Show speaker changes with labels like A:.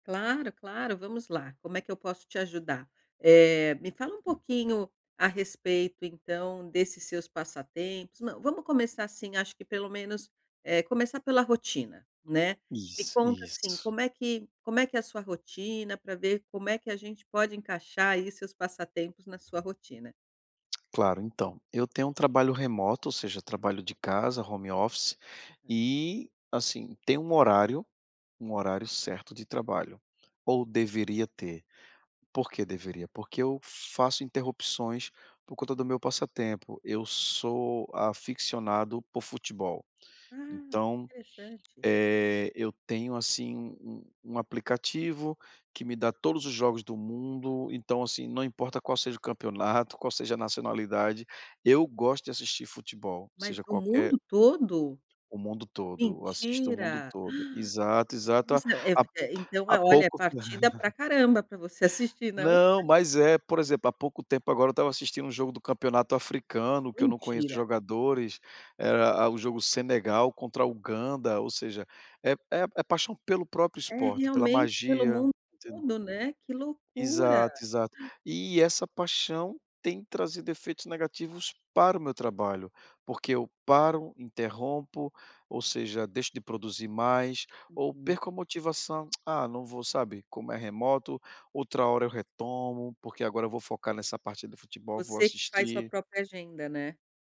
A: Claro, claro, vamos lá, como é que eu posso te ajudar? Eh, me fala um pouquinho a respeito então desses seus passatempos, não, vamos começar assim acho que pelo menos, eh, começar pela rotina, né, me
B: Isso,
A: conta assim,
B: isso.
A: como é que como é que é a sua rotina pra ver como é que a gente pode encaixar aí seus passatempos na sua rotina.
B: Claro, então, eu tenho um trabalho remoto ou seja trabalho de casa, home office e assim, tem um horário, um horário certo de trabalho. Ou deveria ter. Por que deveria? Porque eu faço interrupções por conta do meu passatempo. Eu sou aficcionado por futebol.
A: Ah,
B: Então,
A: que interessante!
B: eh, eu tenho, assim, um aplicativo que me dá todos os jogos do mundo, então, assim, não importa qual seja o campeonato, qual seja a nacionalidade, eu gosto de assistir futebol,
A: Mas
B: seja
A: o
B: qualquer
A: mundo todo?
B: O mundo todo, eu assisto o mundo
A: Mentira. Uh!
B: todo. Exato, exato. Há há
A: [unintelligible] Então
B: há
A: é, olha,
B: pouco,
A: partida pra caramba pra você assistir, não?
B: Não, mas é, por exemplo, há pouco tempo agora eu estava assistindo um jogo do campeonato africano, que eu não conheço
A: Mentira.
B: jogadores, e era um jogo Senegal contra a Uganda, ou seja, é é é paixão pelo próprio
A: É
B: esporte, pela
A: realmente pelo
B: magia,
A: mundo
B: entendeu?
A: todo, né, que loucura.
B: Exato, exato. E essa paixão tem trazido efeitos negativos para o meu trabalho, porque eu paro, interrompo, ou seja, deixo de produzir mais ou
A: Uhum.
B: perco a motivação. Ah, não vou, sabe? Como é remoto, outra hora eu retomo, porque agora eu vou focar nessa parte do futebol, vou
A: Você que faz sua
B: assistir.
A: própria agenda, né.